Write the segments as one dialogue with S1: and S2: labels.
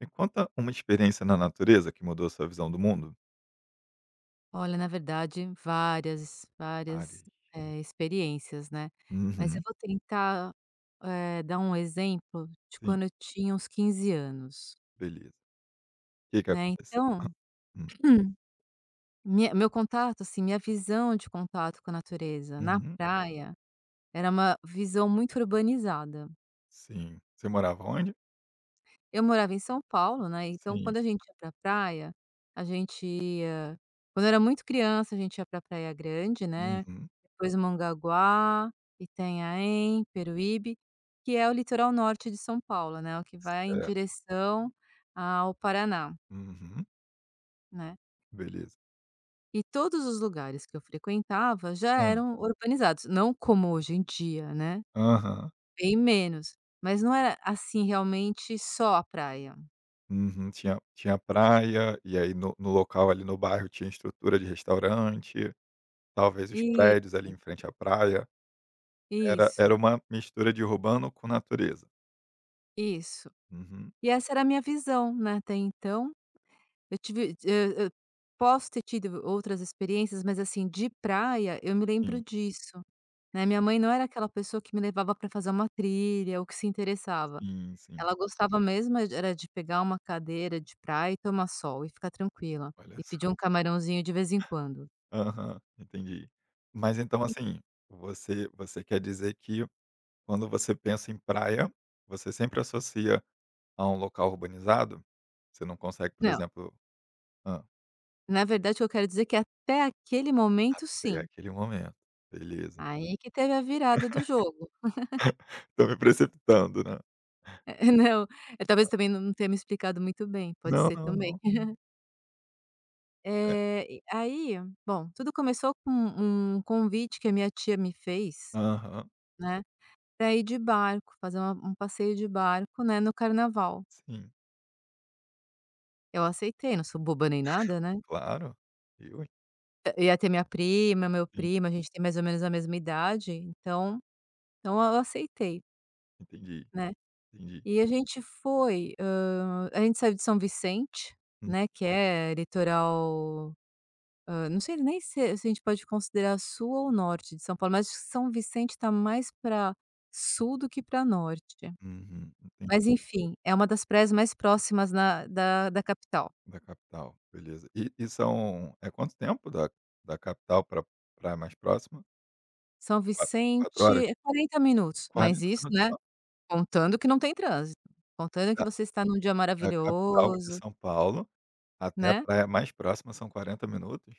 S1: Me conta uma experiência na natureza que mudou a sua visão do mundo.
S2: Olha, na verdade, várias, várias,
S1: Várias.
S2: eh, experiências, né, mas eu
S1: Uhum.
S2: vou tentar, eh, dar um exemplo de
S1: Sim.
S2: quando eu tinha uns 15 anos.
S1: Beleza. Que que
S2: Né,
S1: aconteceu? Hã,
S2: então,
S1: hum.
S2: minha meu contato, assim, minha visão de contato com a natureza na
S1: Uhum.
S2: praia era uma visão muito urbanizada.
S1: Sim. Você morava onde?
S2: Eu morava em São Paulo, né, então
S1: Sim.
S2: quando a gente ia pra praia, a gente ia quando eu era muito criança, a gente ia pra Praia Grande, né,
S1: Uhum.
S2: depois Mongaguá, Itanhaém, Peruíbe, que é o litoral norte de São Paulo, né, o que vai em
S1: Certo.
S2: direção ao Paraná
S1: Uhum.
S2: né.
S1: Beleza.
S2: E todos os lugares que eu frequentava já
S1: Hum.
S2: eram organizados, não como hoje em dia, né,
S1: Aham.
S2: bem menos, mas não é, assim, realmente, só a praia.
S1: Uhum. Tinha tinha praia, e aí no no local ali no bairro tinha estrutura de restaurante. Talvez os
S2: Isso.
S1: prédios ali em frente à praia, era
S2: Isso.
S1: era uma mistura de urbano com natureza.
S2: Isso.
S1: Uhum.
S2: E essa era a minha visão, né, até então. Eu tive hã hã, posso ter tido outras experiências, mas assim, de praia, eu me lembro
S1: Sim.
S2: disso, né. Minha mãe não era aquela pessoa que me levava pra fazer uma trilha ou que se interessava.
S1: Sim, sim.
S2: Ela gostava mesmo e era de pegar uma cadeira de praia e tomar sol e ficar tranquila
S1: Olha
S2: e
S1: só.
S2: pedir um camarãozinho de vez em quando.
S1: Aham. Entendi. Mas então
S2: E
S1: assim, você você quer dizer que quando você pensa em praia, você sempre associa a um local urbanizado? Você não consegue, por
S2: Não.
S1: exemplo hã.
S2: Na verdade, o que eu quero dizer que até aquele momento,
S1: Até
S2: sim.
S1: aquele momento. Beleza.
S2: Aí que teve a virada do jogo.
S1: Tô me precipitando, né?
S2: Eh, não. Eh, talvez eu também não não tenha me explicado muito bem, pode
S1: Não,
S2: ser
S1: não,
S2: também.
S1: não. É.
S2: Eh, e e aí bom, tudo começou com um convite que a minha tia me fez,
S1: Aham.
S2: né, pra ir de barco, fazer a um passeio de barco, né, no carnaval.
S1: Sim.
S2: Eu aceitei, não sou boba nem nada, né.
S1: Claro. Eu, hein.
S2: Eh, ia ter minha prima, meu
S1: Sim.
S2: primo, a gente tem mais ou menos a mesma idade, então então eu aceitei
S1: Entendi,
S2: né.
S1: entendi.
S2: E a gente foi, hã, a gente saiu de São Vicente,
S1: Hum.
S2: né, que é litoral hã, não sei nem se se a gente pode considerar sul ou norte de São Paulo, mas acho que São Vicente está mais pra sul do que pra norte.
S1: Uhum, entendi.
S2: Mas enfim, é uma das praias mais próximas na da da capital.
S1: Da capital, beleza. E e são é quanto tempo da da capital pra praia mais próxima?
S2: São
S1: Qua 4
S2: Vicente
S1: horas?
S2: é 40 minutos, mas
S1: 40
S2: isso,
S1: minutos
S2: né,
S1: só?
S2: contando que não tem trânsito, contando que
S1: Da
S2: você está em um dia
S1: da capital de
S2: maravilhoso
S1: São Paulo até a
S2: né.
S1: praia mais próxima são 40 minutos?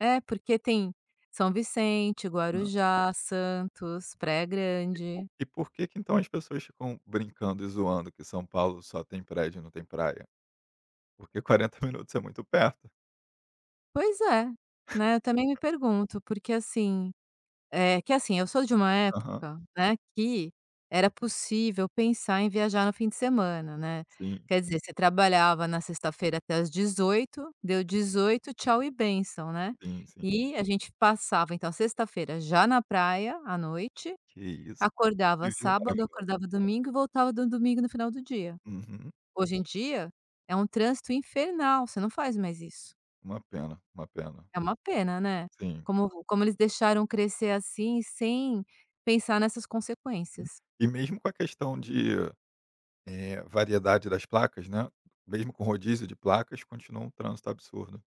S2: É porque tem São Vicente,
S1: Hã.
S2: Guarujá, Santos, Praia Grande.
S1: E porque que então as pessoas ficam brincando e zoando que São Paulo só tem prédio e não tem praia? Porque 40 minutos é muito perto.
S2: Pois é, né, eu também me pergunto. Porque, assim, eh, que, assim, eu sou de uma
S1: Aham.
S2: época, né, que era possível pensar em viajar no fim de semana, né.
S1: Sim.
S2: Quer dizer, você trabalhava na sexta-feira até às 18h, deu 18h, tchau e bênção, né.
S1: Sim, sim.
S2: E a gente passava então sexta-feira já na praia à noite,
S1: Que isso. Que
S2: acordava
S1: vida
S2: sábado,
S1: maravilhosa.
S2: acordava domingo e voltava do domingo no final do dia.
S1: Uhum.
S2: Hoje em dia é um trânsito infernal, você não faz mais isso.
S1: Uma pena, uma pena.
S2: É uma pena, né.
S1: Sim.
S2: Como como eles deixaram crescer assim, sem pensar nessas
S1: Uhum.
S2: consequências.
S1: E mesmo com a questão de, eh, variedade das placas, né, mesmo com rodízio de placas, continua um trânsito absurdo.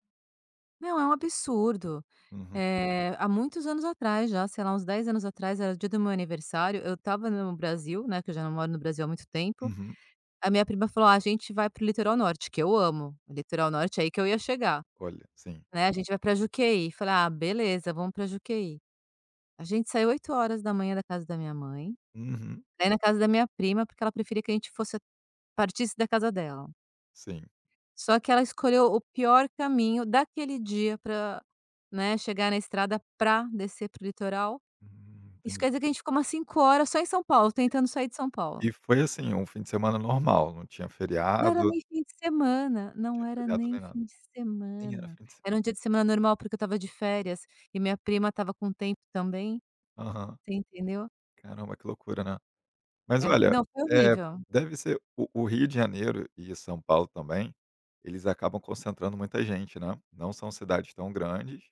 S2: Não, é um absurdo.
S1: Uhum.
S2: Eh, há muitos anos atrás já, sei lá, uns 10 anos atrás, era dia do meu aniversário, eu estava no Brasil, né, que eu já não moro no Brasil há muito tempo,
S1: Uhum.
S2: a minha prima falou: "A gente vai para o litoral norte," que eu amo litoral norte, aí que eu ia chegar,
S1: Olha, sim.
S2: né. "A gente vai pra Juqueí", falei: "Ah, beleza, vamos pra Juqueí." A gente saiu 8h da casa da minha mãe
S1: Uhum.
S2: pra ir na casa da minha prima, porque ela preferia que a gente fosse partisse da casa dela.
S1: Sim.
S2: Só que ela escolheu o pior caminho daquele dia pra, né, chegar na estrada, pra descer para o litoral.
S1: Hum,
S2: Isso
S1: entendi.
S2: quer dizer que a gente ficou umas 5h só em São Paulo, tentando sair de São Paulo.
S1: E foi, assim, um fim de semana normal, não tinha
S2: Não era
S1: feriado?
S2: nem fim de semana, não
S1: Tinha
S2: era
S1: feriado nem
S2: nem
S1: nada?
S2: fim de
S1: nem era
S2: semana.
S1: fim de se
S2: Era um dia de semana normal, porque eu estava de férias e minha prima estava com tempo também,
S1: Aham.
S2: você entendeu?
S1: Caramba, que loucura, né. Mas
S2: É,
S1: olha,
S2: não, foi
S1: eh,
S2: horrível.
S1: deve ser o o Rio de Janeiro e São Paulo também, eles acabam concentrando muita gente, né. Não são cidades tão grandes,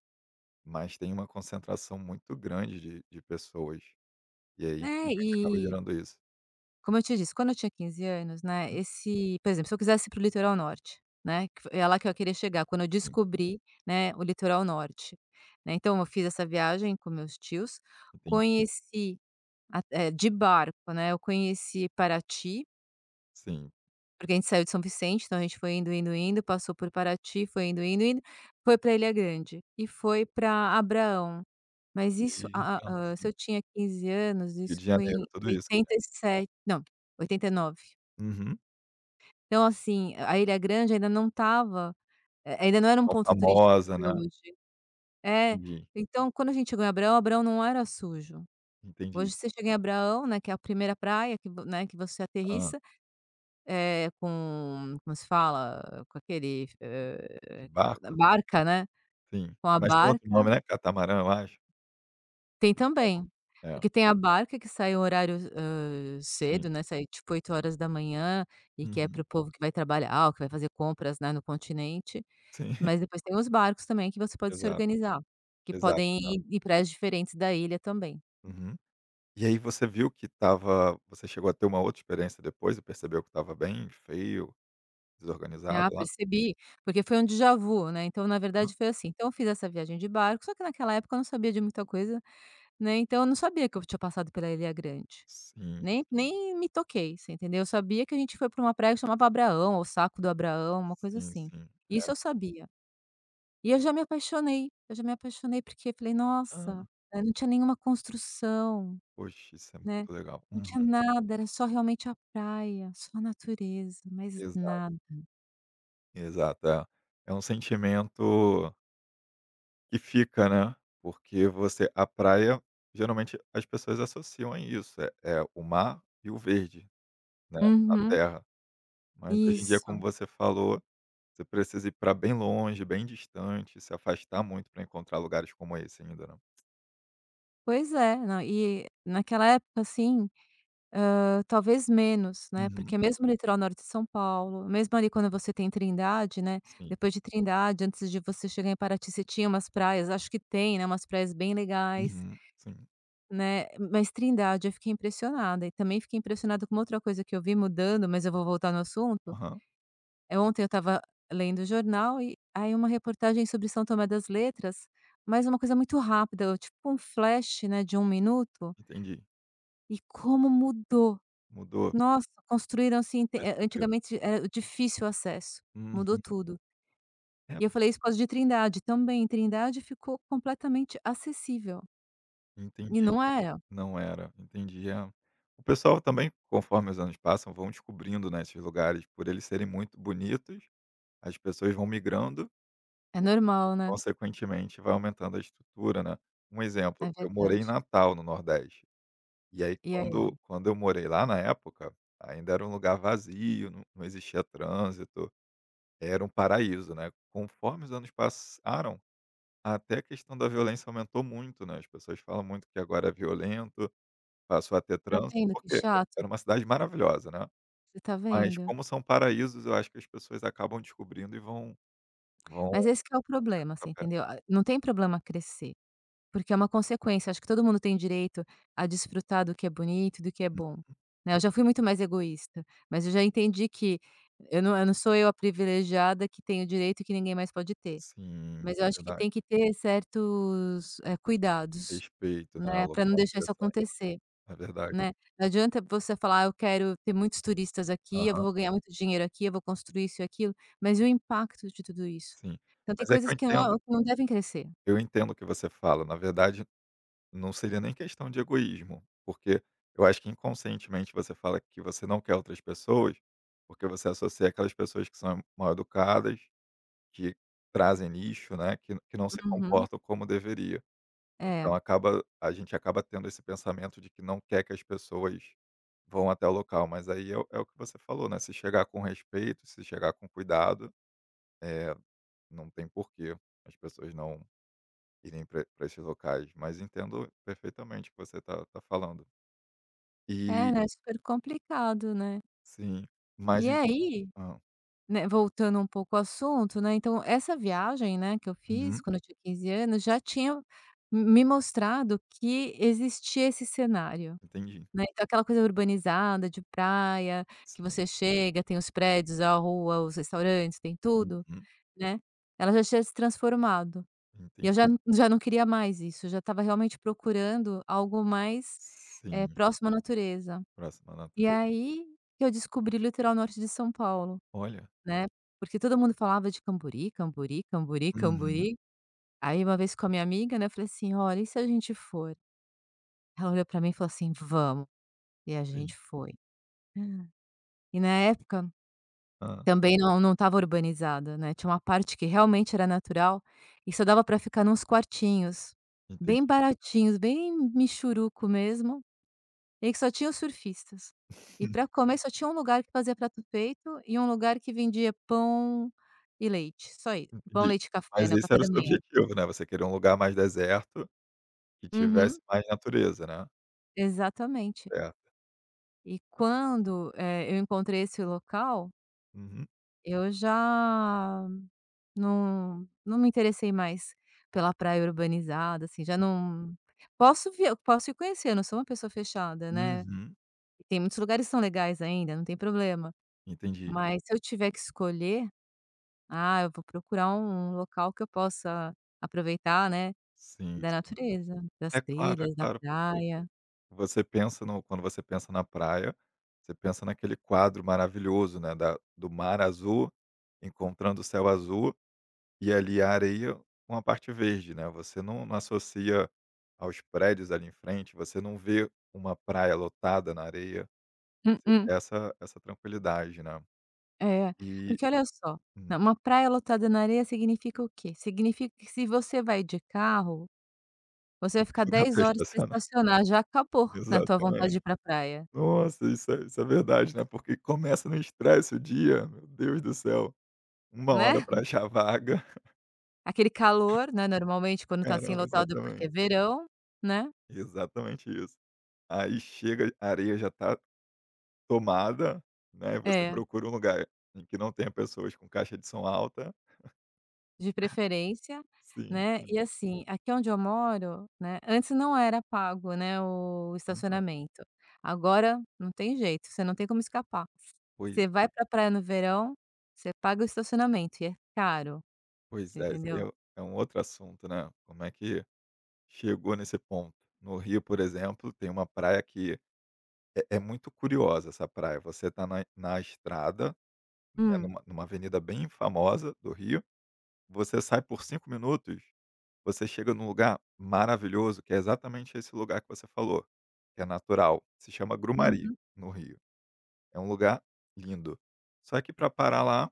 S1: mas têm uma concentração muito grande de de pessoas, e aí
S2: Né,
S1: infelizmente acaba
S2: eh
S1: gerando isso.
S2: Como eu te disse, quando eu tinha 15 anos, né,
S1: Hum.
S2: esse Por exemplo, se eu quisesse ir para o litoral norte, né, que fo ia lá que eu queria chegar. Quando eu
S1: Sim.
S2: descobri, né, o litoral norte, né, então eu fiz essa viagem com meus tios,
S1: Entendi.
S2: conheci a eh, de barco, né, eu conheci Parati
S1: Sim.
S2: porque a gente saiu de São Vicente, então a gente foi indo, indo, indo, passou por Paraty, foi indo,
S1: Legal.
S2: indo, indo, foi pra Ilha Grande e foi pra Abraão. Mas isso,
S1: E
S2: ah,
S1: entendo,
S2: hã, se
S1: sim.
S2: eu tinha 15 anos,
S1: Rio
S2: isso
S1: de
S2: foi
S1: Janeiro,
S2: em
S1: tudo isso já.
S2: 87, não, 89.
S1: Uhum.
S2: Então, assim, a Ilha Grande ainda não estava, eh, ainda não era um
S1: Tão
S2: ponto turístico como
S1: famosa,
S2: é
S1: né.
S2: hoje. É,
S1: Entendi.
S2: então, quando a gente chegou em Abraão, Abraão não era sujo.
S1: Entendi.
S2: Hoje você chega em Abraão, né, que é a 1º praia que né, que você
S1: Hã.
S2: aterrissa, eh, com como se fala? Com aquele,
S1: De
S2: eh,
S1: barco?
S2: barca, né.
S1: Sim,
S2: Com a
S1: mas tem outro
S2: barca
S1: nome, não é catamarã, eu acho
S2: Tem
S1: que chama?
S2: também,
S1: É.
S2: porque tem a barca que sai o horário, hã,
S1: Sim.
S2: cedo, né, sai tipo, 8h, e que é
S1: Uhum.
S2: para o povo que vai trabalhar ou que vai fazer compras, né, no continente,
S1: Sim.
S2: mas depois tem os barcos também que você pode se
S1: Exato,
S2: organizar, que
S1: exato,
S2: podem
S1: exato.
S2: ir em praias diferentes da ilha também.
S1: Uhum. E aí você viu que estava você chegou a ter uma outra experiência depois e percebeu que estava bem feio, desorganizado,
S2: Ah,
S1: lá?
S2: percebi, porque foi um déjà-vu né. Então, na
S1: Aham.
S2: verdade, foi assim: então eu fiz essa viagem de barco, só que naquela época eu não sabia de muita coisa, né. Então eu não sabia que eu tinha passado pela Ilha Grande,
S1: Sim.
S2: nem nem me toquei, você entendeu. Eu sabia que a gente foi pra uma praia que chamava Abraão ou Saco do Abraão, uma coisa
S1: Sim,
S2: assim,
S1: sim. É.
S2: isso eu sabia. E eu já me apaixonei, eu já me apaixonei porque falei: "Nossa".
S1: Hã.
S2: É, não tinha nenhuma construção,
S1: Poxa, isso é muito
S2: né,
S1: legal.
S2: não
S1: Uhum.
S2: tinha nada, era só realmente a praia, só a natureza, mais
S1: Exato.
S2: nada.
S1: Exato, é, é um sentimento que fica, né, porque você a praia, geralmente as pessoas associam a isso, é é o mar e o verde, né, a
S2: Uhum.
S1: terra. Mas hoje em dia, como
S2: Isso.
S1: você falou, você precisa ir pra bem longe, bem distante, se afastar muito pra encontrar lugares como esse ainda, né.
S2: Pois é. Na e naquela época, assim, hã, talvez menos, né,
S1: Uhum.
S2: porque mesmo no litoral norte de São Paulo, mesmo ali quando você tem Trindade, né,
S1: Sim.
S2: depois de Trindade antes de você chegar em Paraty, você tinha umas praias, acho que tem, né, umas praias bem legais
S1: Uhum, sim.
S2: né. Mas Trindade, eu fiquei impressionada e também fiquei impressionada com uma outra coisa que eu vi mudando, mas eu vou voltar no assunto.
S1: Aham.
S2: Eh, ontem eu estava lendo o jornal e aí uma reportagem sobre São Tomé das Letras, mas uma coisa muito rápida, tipo um flash, né, de 1 minuto
S1: Entendi.
S2: e como mudou.
S1: Mudou.
S2: Nossa, construíram,
S1: Você
S2: assim, te eh,
S1: percebeu?
S2: antigamente, é difícil o acesso, mudou
S1: Uhum.
S2: tudo.
S1: É.
S2: E eu falei isso por causa de Trindade também. Trindade ficou completamente acessível e
S1: Entendi,
S2: não era.
S1: não era. Entendi, é. O pessoal também, conforme os anos passam, vão descobrindo, né, esses lugares, por eles serem muito bonitos as pessoas vão migrando
S2: É
S1: e,
S2: normal, né.
S1: consequentemente, vai aumentando a estrutura, né. Um exemplo,
S2: É
S1: eu morei em
S2: verdade.
S1: Natal no nordeste, e aí
S2: E
S1: quando
S2: aí?
S1: quando eu morei lá na época, ainda era um lugar vazio, não não existia trânsito, era um paraíso, né. Conforme os anos passaram, até a questão da violência aumentou muito, né, as pessoas falam muito que agora é violento, passou a ter
S2: Tá
S1: trânsito,
S2: vendo que
S1: porque
S2: chato?
S1: era uma cidade maravilhosa, né,
S2: Você tá
S1: mas
S2: vendo?
S1: como são paraísos, eu acho que as pessoas acabam descobrindo e vão vão
S2: Mas esse que é o problema, você entendeu?
S1: [unintelligible]
S2: A não tem problema crescer, porque é uma consequência, acho que todo mundo tem o direito a desfrutar do que é bonito, do que é
S1: Uhum.
S2: bom, né. Eu já fui muito mais egoísta, mas eu já entendi que eu não eu não sou eu a privilegiada que tem direito e que ninguém mais pode ter,
S1: Sim,
S2: mas eu acho que
S1: verdade.
S2: tem que ter certos, eh, cuidados,
S1: Respeito, né, ao
S2: né, pra não
S1: local.
S2: deixar isso
S1: Interessante.
S2: acontecer,
S1: É verdade.
S2: né. Não adianta você falar: "Eu quero ter muitos turistas aqui, eu
S1: Aham.
S2: vou ganhar muito dinheiro aqui, eu vou construir isso e aquilo", mas e o impacto de tudo isso?
S1: Sim,
S2: Então tem
S1: mas é que
S2: coisas
S1: eu
S2: que não
S1: entendo
S2: que não devem crescer.
S1: eu entendo o que você fala. Na verdade, não seria nem questão de egoísmo, porque eu acho que inconscientemente você fala que você não quer outras pessoas, porque você associa àquelas pessoas que são mal educadas, que trazem lixo, né, que não que não se
S2: Uhum.
S1: comportam como deveria.
S2: É.
S1: Então acaba a gente acaba tendo esse pensamento de que não quer que as pessoas vão até o local, mas aí é o é o que você falou, né, se chegar com respeito, se chegar com cuidado, eh, não tem porque as pessoas não irem pra pra esses locais, mas entendo perfeitamente o que você tá tá falando.
S2: É,
S1: E
S2: é super complicado, né.
S1: Sim, mas
S2: E
S1: e
S2: aí,
S1: hã.
S2: né, voltando um pouco o assunto, né, então essa viagem, né, que eu fiz
S1: Uhum.
S2: quando eu tinha 15 anos já tinha me me mostrado que existia esse cenário,
S1: Entendi.
S2: né. Então aquela coisa urbanizada de praia que
S1: Sim.
S2: você chega, tem os prédios, a rua, os restaurantes, tem tudo,
S1: Uhum.
S2: né, ela já tinha se transformado. E
S1: Enten
S2: eu já já não queria mais isso, eu já estava realmente procurando algo mais, eh,
S1: Sim.
S2: próximo à natureza.
S1: Próximo à
S2: E
S1: nature
S2: aí que eu descobri o litoral norte de São Paulo,
S1: Olha.
S2: né, porque todo mundo falava de Cambori, Cambori, Cambori,
S1: Uhum.
S2: Cambori, aí uma vez com a minha amiga, né, eu falei assim: "Ó, e se a gente for?". Ela olhou pra mim e falou assim: "Vamos", e a
S1: Sim.
S2: gente foi. E na época
S1: Hã.
S2: também não não estava urbanizada, né, tinha uma parte que realmente era natural e só dava pra ficar em uns quartinhos
S1: Entendi.
S2: bem baratinhos, bem mixuruco mesmo, em que só tinha os surfistas. E pra comer só tinha um lugar que fazia prato feito e um lugar que vendia pão e leite, só i pão
S1: Entendi.
S2: leite e café,
S1: Mas
S2: né, o
S1: esse
S2: café
S1: era o
S2: da
S1: seu
S2: manhã.
S1: objetivo, né, você queria um lugar mais deserto, que tivesse
S2: Uhum.
S1: mais natureza, né.
S2: Exatamente.
S1: Certo.
S2: E quando, eh, eu encontrei esse local
S1: Uhum.
S2: eu já não não me interessei mais pela praia urbanizada, assim, já
S1: Hum.
S2: não posso vi eu posso ir conhecer, eu não sou uma pessoa fechada, né,
S1: Uhum.
S2: e tem muitos lugares que são legais ainda, não tem problema,
S1: Entendi.
S2: mas se eu tiver que escolher, ah, eu vou procurar um local que eu possa aproveitar, né,
S1: Sim,
S2: da
S1: sim.
S2: natureza, das
S1: É claro, é
S2: trilhas, da
S1: claro, porque
S2: praia.
S1: você pensa no quando você pensa na praia, você pensa naquele quadro maravilhoso, né, da do mar azul encontrando o céu azul, e, ali, a areia com a parte verde, né, você não não associa aos prédios ali em frente, você não vê uma praia lotada na areia, você
S2: Mm-mm.
S1: quer essa essa tranquilidade, né,
S2: É,
S1: e
S2: porque olha só,
S1: hum.
S2: né, uma praia lotada na areia significa o quê? Significa que se você vai de carro, você
S1: Só
S2: vai
S1: que
S2: ficar
S1: não dá
S2: 10
S1: pra
S2: horas pra
S1: estacionar.
S2: estacionar, já acabou, né, a tua vontade de
S1: Exatamente,
S2: ir para a praia.
S1: nossa, isso isso é verdade, né, porque começa no estresse, o dia, meu Deus do céu, 1
S2: Né?
S1: hora pra achar vaga.
S2: Aquele calor, né, normalmente quando tá, assim,
S1: Caramba,
S2: lotado, porque
S1: exatamen
S2: é verão, né.
S1: Exatamente isso. Aí chega a areia já tá tomada, né, você
S2: É.
S1: procura um lugar em que não tenha pessoas com caixa de som alta.
S2: De preferência,
S1: Sim,
S2: né,
S1: sim.
S2: e, assim, aqui onde eu moro, né, antes não era pago, né, o
S1: Aham.
S2: estacionamento, agora não tem jeito, você não tem como escapar,
S1: Pois.
S2: você vai pra praia no verão, você paga o estacionamento. E é caro,
S1: Pois
S2: você
S1: é. Esse ai
S2: entendeu?
S1: o é um outro assunto, né, como é que chegou nesse ponto? No Rio, por exemplo, tem uma praia que é é muito curiosa essa praia, você tá na na estrada, né,
S2: Hum.
S1: numa numa avenida bem famosa do Rio, você sai por 5 minutos, você chega num lugar maravilhoso que é exatamente esse lugar que você falou, que é natural, se chama Grumari,
S2: Uhum.
S1: no Rio, é um lugar lindo, só que para parar lá,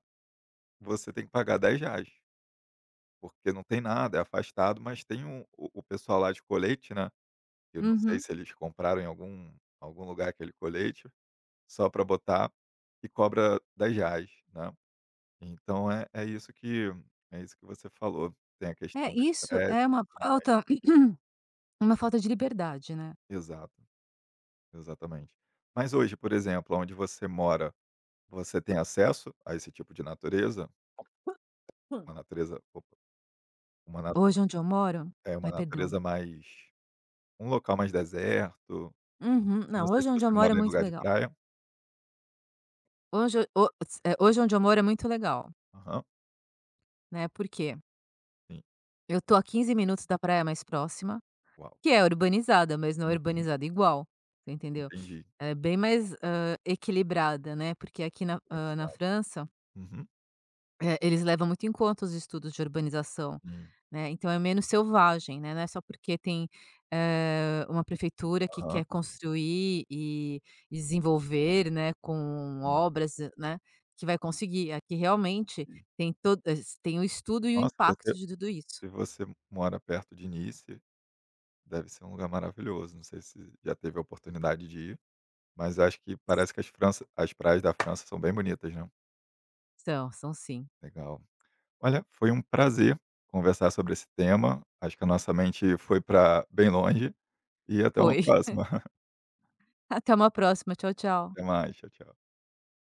S1: você tem que pagar R$10. Porque não tem nada, é afastado, mas tem um o o pessoal lá de colete, né, que eu não sei
S2: Uhum.
S1: se eles compraram em algum algum lugar aquele colete, só pra botar e cobra R$10, né. Então é é isso que é isso que você falou, tem a questão
S2: É,
S1: do
S2: isso
S1: estresse
S2: é
S1: e
S2: uma
S1: [unintelligible]
S2: falta uma falta de liberdade, né.
S1: Exato. Exatamente. Mas hoje, por exemplo, aonde você mora, você tem acesso a esse tipo de natureza? Uma natureza, opa uma na
S2: Hoje onde eu moro
S1: é uma
S2: ai, perdão.
S1: natureza mais um local mais deserto,
S2: Uhum.
S1: não
S2: Não,
S1: sei se
S2: hoje
S1: você
S2: onde eu moro
S1: mora
S2: é
S1: em
S2: muito
S1: lugar de
S2: legal.
S1: praia.
S2: Hoje, o o se eh, hoje onde eu moro é muito legal
S1: Aham.
S2: né, por quê?
S1: Sim.
S2: Eu tô a 15 minutos da praia mais próxima,
S1: Uau.
S2: que é urbanizada, mas não é
S1: Uhum.
S2: urbanizada igual, você entendeu?
S1: Entendi.
S2: Ela é bem mais, hã, equilibrada, né, porque aqui na hã, na
S1: Organizada.
S2: França
S1: Uhum.
S2: eh, eles levam muito em conta os estudos de urbanização,
S1: Hum.
S2: né. Então, é menos selvagem, né. Não é só porque tem, eh, uma prefeitura que
S1: Aham.
S2: quer construir e desenvolver, né, com
S1: Sim.
S2: obras, né, que vai conseguir. Aqui realmente
S1: Entendi.
S2: tem to es tem o estudo e o
S1: Nossa, você
S2: impacto de tudo isso.
S1: se você mora perto de Nice, deve ser um lugar maravilhoso. Não sei se já teve a oportunidade de ir, mas eu acho que parece que as França as praias da França são bem bonitas, né?
S2: São, são sim.
S1: Legal. Olha, foi um prazer conversar sobre esse tema. Acho que a nossa mente foi pra bem longe. E até uma
S2: Foi.
S1: próxima.
S2: Até uma próxima. Tchau, tchau.
S1: Até mais. Tchau, tchau.